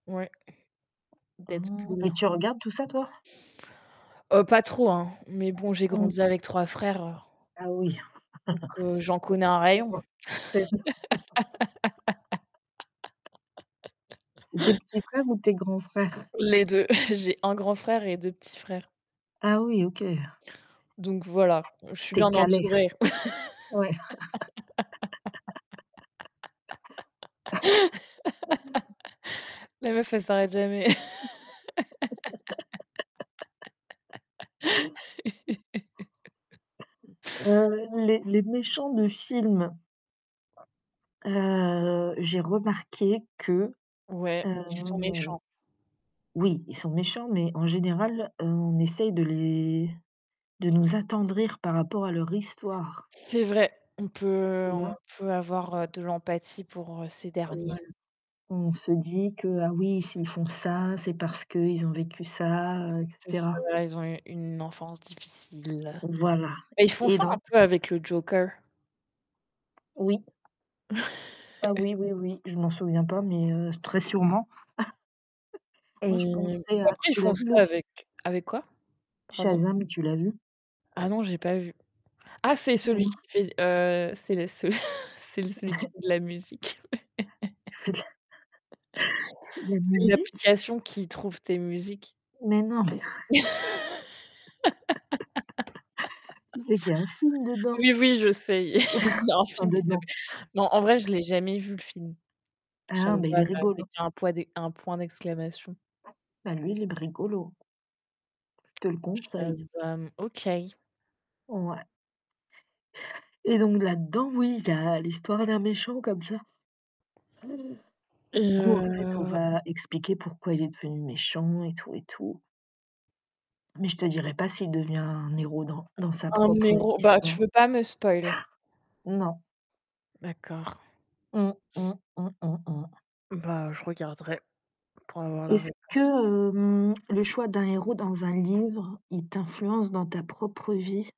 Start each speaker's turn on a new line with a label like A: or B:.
A: Ouais.
B: Hein,
A: Deadpool.
B: et tu regardes tout ça, toi?
A: Heu pas trop, hein, mais bon, j'ai
B: Mmh.
A: grandi avec 3 frères
B: Ah, oui.
A: donc, heu, j'en connais un rayon.
B: [unintelligible] C'est ça. C'est tes petits frères ou tes grands frères?
A: Les 2, j'ai 1 grand frère et 2 petits frères.
B: Ah, oui, OK.
A: Donc voilà, je suis
B: Tu es
A: bien
B: calée.
A: entourée.
B: Ouais.
A: La meuf, elle s'arrête jamais.
B: Heu, les les méchants de films. Heu, j'ai remarqué que,
A: Ouais, qui sont
B: hem,
A: méchants.
B: oui, ils sont méchants, mais en général, heu, on essaye de les de nous attendrir par rapport à leur histoire.
A: C'est vrai, on peut
B: Tu
A: on
B: vois?
A: peut avoir, heu, de l'empathie pour ces
B: Voilà,
A: derniers.
B: on se dit que, ah, oui, s'ils font ça, c'est parce qu'ils ont vécu ça, et
A: C'est ça,
B: cetera.
A: voilà, ils ont eu une enfance difficile.
B: Voilà.
A: Bah, ils font
B: Et
A: ça
B: donc
A: un peu avec le joker.
B: Oui. Ah, oui, oui, oui, je m'en souviens pas, mais, heu, très sûrement. Moi, je
A: Et
B: pensais
A: bah
B: à
A: après, ils
B: tu
A: font
B: l'as vu
A: ça
B: le fi
A: avec avec quoi? Pardon?
B: Shazam, tu l'as vu?
A: Ah, non, j'ai pas vu. Ah, c'est celui
B: Mmh.
A: qui fait, heu, c'est le ce c'est l celui qui fait de la musique.
B: C'est de la c'est de la
A: C'est
B: musique?
A: l'application qui trouve tes musiques.
B: Mais non, mais tu sais qu'il y a un film dedans?
A: Oui, oui, je sais, il y il y a un
B: Enfin,
A: film qui
B: dedans.
A: s'appelle non, en vrai, je l'ai jamais vu, le film.
B: Hein, mais il est
A: Shazam!
B: rigolo.
A: Avec un poids d un point d'exclamation.
B: Bah, lui, il est b rigolo. Je te le conseille.
A: Shazam! OK.
B: Ouais. Et donc là-dedans, oui, il y a l'histoire d'un méchant comme ça.
A: Et
B: Où en fait, on
A: heu
B: va expliquer pourquoi il est devenu méchant et tout, et tout. Mais je te dirai pas s'il devient un héros dans dans sa
A: Un
B: propre
A: héros, bah, tu
B: histoire.
A: veux pas me spoil.
B: Non.
A: D'accord.
B: Mmh, mmh, mmh, mmh, mmh.
A: Bah, je regarderai pour avoir la
B: Est-ce que,
A: réponse.
B: hem, le choix d'un héros dans un livre, il t'influence dans ta propre vie?